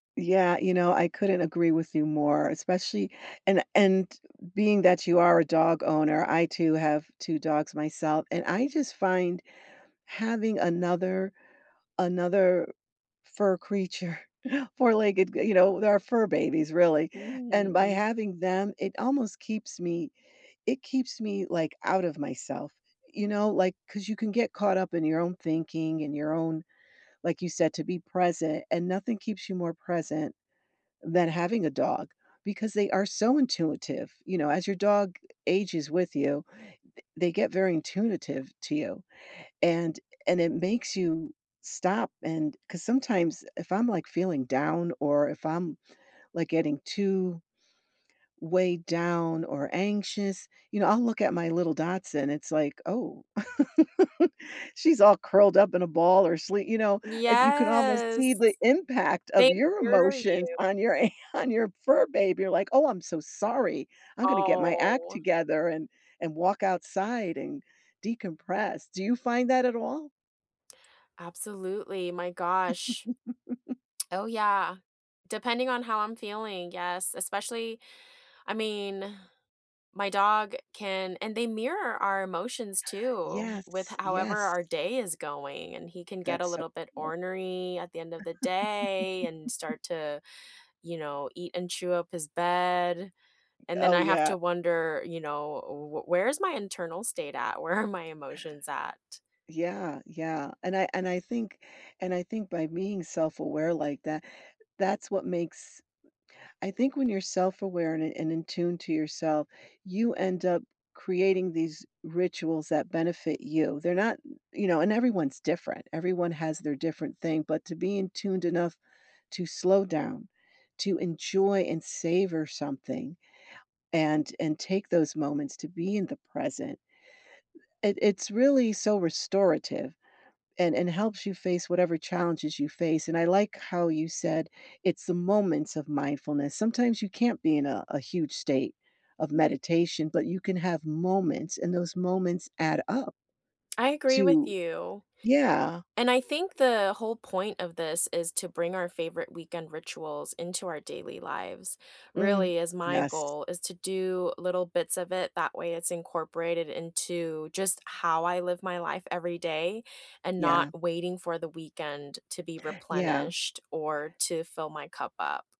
Yeah, you know, I couldn't agree with you more, especially and and being that you are a dog owner, I, too, have 2 dogs myself and I just find having another another fur creature, four-legged g you know, they're our fur babies, really and by Mm. having them, it almost keeps me it keeps me, like, out of myself, you know, like 'cause you can get caught up in your own thinking, in your own like you said, to be present, and nothing keeps you more present than having a dog, because they are so intuitive, you know, as your dog ages with you, th they get very intuitive to you, and and it makes you stop and 'cause sometimes, if I'm, like, feeling down, or if I'm, like, getting too weighed down or anxious, you know, I'll look at my little dachshund, it's like, "Oh." She's all curled up in a ball or slee you know, and you can almost see Yes. the impact of They your hear emotions you. on your an on your fur baby. You're like, "Oh, I'm so sorry. I'm gonna get my act Oh. together and and walk outside and decompress." Do you find that at all? Absolutely, my gosh. Oh, yeah. Depending on how I'm feeling, yes, especially I mean, my dog can and they mirror our emotions, too with Yes, however yes. our day is going, and he can get a That's so little bit ornery at the end of the day and start to, you know, eat and chew up his bed, and then Oh, I have yeah. to wonder, you know, uh, "Wh where's my internal state at? Where are my emotions at?" Yeah, yeah, and I and I think and I think by being self-aware like tha that's what makes I think when you're self-aware and i and in tune to yourself, you end up creating these rituals that benefit you. They're not you know, and everyone's different, everyone has their different thing, but to be in tuned enough to slow down, to enjoy and savor something, and and take those moments to be in the present, it it's really so restorative, and and helps you face whatever challenges you face, and I like how you said, "It's the moments of mindfulness." Sometimes you can't be in a a huge state of meditation, but you can have moments, and those moments add up I agree with to you, Yeah. and I think the whole point of this is to bring our favorite weekend rituals into our daily lives. Mm. Really, as my Yes. goal is to do little bits of it, that way it's incorporated into just how I live my life every day and not Yeah. waiting for the weekend to be Yeah. replenished or to fill my cup up.